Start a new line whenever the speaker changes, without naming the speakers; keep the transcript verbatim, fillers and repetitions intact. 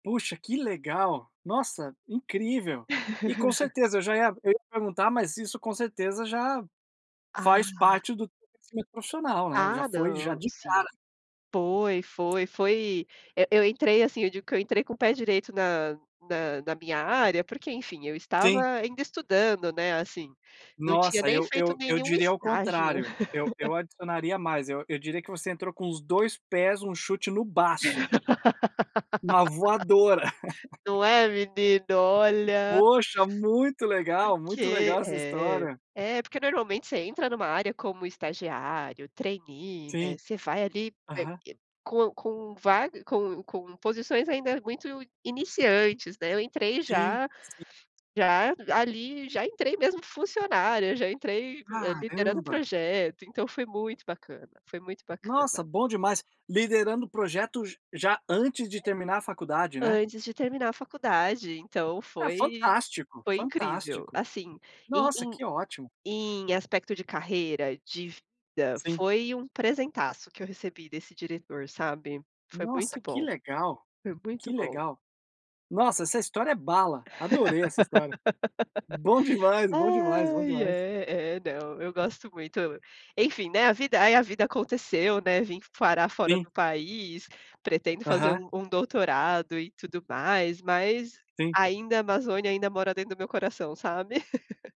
Puxa, que legal! Nossa, incrível! E com certeza eu já ia eu ia perguntar, mas isso com certeza já faz
Ah.
parte do crescimento profissional, né. Já
Ah,
foi já
não,
de
sim.
cara.
Foi, foi, foi, eh, eu entrei assim, eu digo que eu entrei com o pé direito na na na minha área, porque enfim, eu estava
Sim.
ainda estudando, né, assim, não tinha
Nossa,
nem
eu
feito
eu eu
nenhum
diria ao
estágio.
contrário. Eu eu adicionaria mais, eu eu diria que você entrou com os dois pés, um chute no baço. Uma voadora.
Não é menino? Olha.
Poxa, muito legal, muito
Porque
legal essa
é.
história.
É, porque normalmente você entra em uma área como estagiário, trainee, né.
Sim.
Você vai ali, eh
Aham.
eh, com com vário com com posições ainda muito iniciantes, né. Eu entrei
Sim,
já
si
já, ali, já entrei mesmo funcionária, já entrei, eh, liderando
Caramba.
projeto, então foi muito bacana, foi muito
Nossa,
bacana.
bom demais. Liderando projetos já antes de terminar a faculdade, né.
Antes de terminar a faculdade, então
Ah,
foi
fantástico,
foi incrível.
fantástico.
Assim, em
Nossa,
em
que ótimo.
em aspecto de carreira, de vida,
Sim.
foi um presentaço que eu recebi desse diretor, sabe. Foi
Nossa,
muito
que
bom.
legal,
Foi
que
muito bom.
legal. Nossa, essa história é bala, adorei essa história. Bom demais, bom demais, bom
Ai,
demais.
é, é, não, eu gosto muito, eu enfim, né, a vida aí a vida aconteceu, né, vim parar fora
Sim.
do país, pretendo fazer
Aham.
um um doutorado, e tudo mais, mas
Sim.
ainda a Amazônia ainda mora dentro do meu coração, sabe.